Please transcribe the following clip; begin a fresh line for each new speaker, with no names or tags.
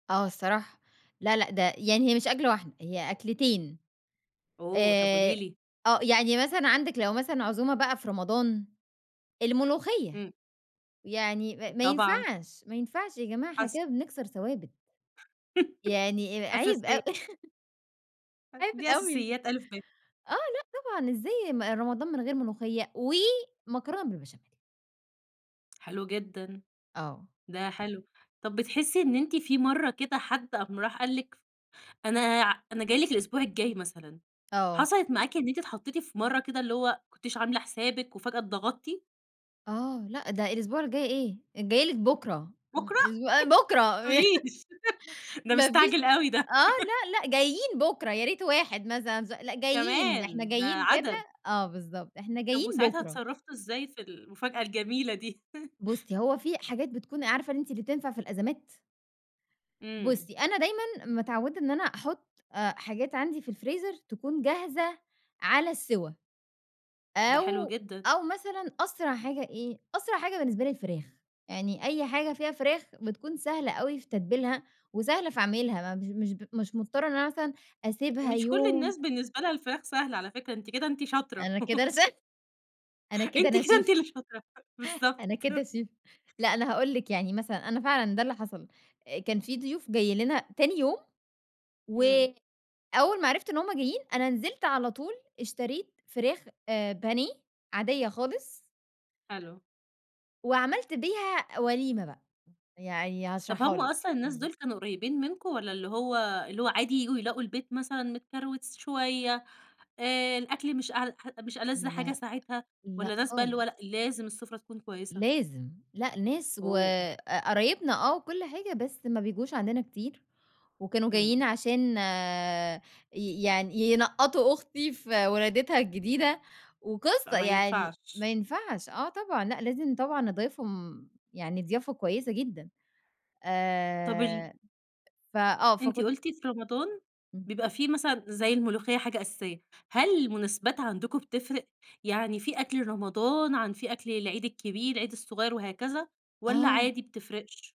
آه الصراحة. لا، لأ ده يعني هي مش أكلة واحدة، هي أكلتين.
أوه! طب قولي
آآ
لي.
آه. يعني مثلًا عندِك لو مثلًا عزومة بقى في رمضان، الملوخيّة.
إمم.
يعني ما ما
طبعًا.
ينفعش، ما ينفعش يا جماعة إحنا
حص
كده بنكسر ثوابت. يعني أ عيب
أساسية.
أو
[unintelligible]
عيب
دي
أوي.
أساسيات أ ب.
آه. لأ طبعًا إزاي ما رمضان من غير ملوخية ومكرونة بالبشاميل.
حلو جدًا.
آه.
ده حلو. طب بتحسّي إن أنتِ في مرّة كده حد قام راح قال لِك أنا ع أنا جاي لِك الأسبوع الجاي مثلًا،
آه.
حصلت معاكِ إن أنت اتحطّيتِ في مرّة كده اللي هو ما كنتيش عاملة حسابِك وفجأة اتضغطتِ؟
آه. لأ، ده الأسبوع الجاي إيه، جايه لِك بُكرة. آه
بكرة؟
أسبو
ما
بكرة.
تقوليش ده
ما فيش
مستعجل أوي ده.
آه. لأ، لأ جايين بُكرة، يا ريت واحد مثلًا ز لأ جايين، إحنا
كمان، ده
جايين كده
عدد.
آه بالضبط. إحنا
طب
جايين
وساعتها
بُكرة.
اتصرّفتوا إزاي في المفاجأة الجميلة دي؟
بُصّي، هو في حاجات بتكون عارفة أنتِ اللي بتنفع في الأزمات؟
إمم.
بُصّي، أنا دايمًا متعوّدة إن أنا أحُط أ حاجات عندي في الفريزر تكون جاهزة على السِوا.
ده حلو
أو
جدًا.
أو مثلًا أسرع حاجة إيه؟ أسرع حاجة بالنسبة لي الفراخ. يعني أي حاجة فيها فراخ بتكون سهلة أوي في تتبيلها وسهلة في عميلها، ما مش مش ب مش مضطرة إن أنا مثلًا أسيبها
مش كل
يوم
الناس بالنسبة لها الفراخ سهلة على فكرة، أنتِ كده أنتِ شاطرة.
أنا كده ر ش أنا كده
أنتِ
انا
كده أنتِ
شيف.
اللي شاطرة. بالضبط.
أنا كده شيف. لأ أنا هاقول لِك، يعني مثلًا أنا فعلًا ده اللي حصل. أ كان في ضيوف جايين لنا تاني يوم،
إمم.
وأول ما عرفت إن هم جايين، أنا نزلت على طول اشتريت فراخ آآ بانيه عاديّة خالص.
حلو.
وعملت بيها وليمة بقى. يعني
طب
هاشرحها
هم
لِك.
أصلًا الناس
إمم.
دول كانوا قريبين منكم والّا اللي هو اللي هو عادي ييجوا يلاقوا البيت مثلًا متكروت س شوية، آآ الأكل مش أعل ح مش ألَذ حاجة
لأ.
ساعتها
لأ
والّا ناس بقى اللي هو
خالص.
لأ، لازم السُفرة تكون كويسة؟
لازم. لأ ناس وق
أوه!
قرايبنا آه و كل حاجة بس ما بيجوش عندنا كتير، وكانوا
إمم.
جايين عشان ي يعني ينقّطوا أختي في ولادتها الجديدة
لأ
وقصة،
ما
يعني
ينفعش.
ما ينفعش، آه طبعًا. لأ لازم طبعًا أضايفهم يعني ضيافة كويسة جدًا.
طب ال
آآ ف آه.
أنتِ
فكنت
قُلتِ في رمضان
إمم.
بيبقى في مثلًا زي الملوخيّة حاجة أساسية، هل المناسبات عندكم بتفرق؟ يعني في أكل رمضان عن في أكل العيد الكبير، العيد الصغير وهكذا والّا
آه.
عادي بتفرقش؟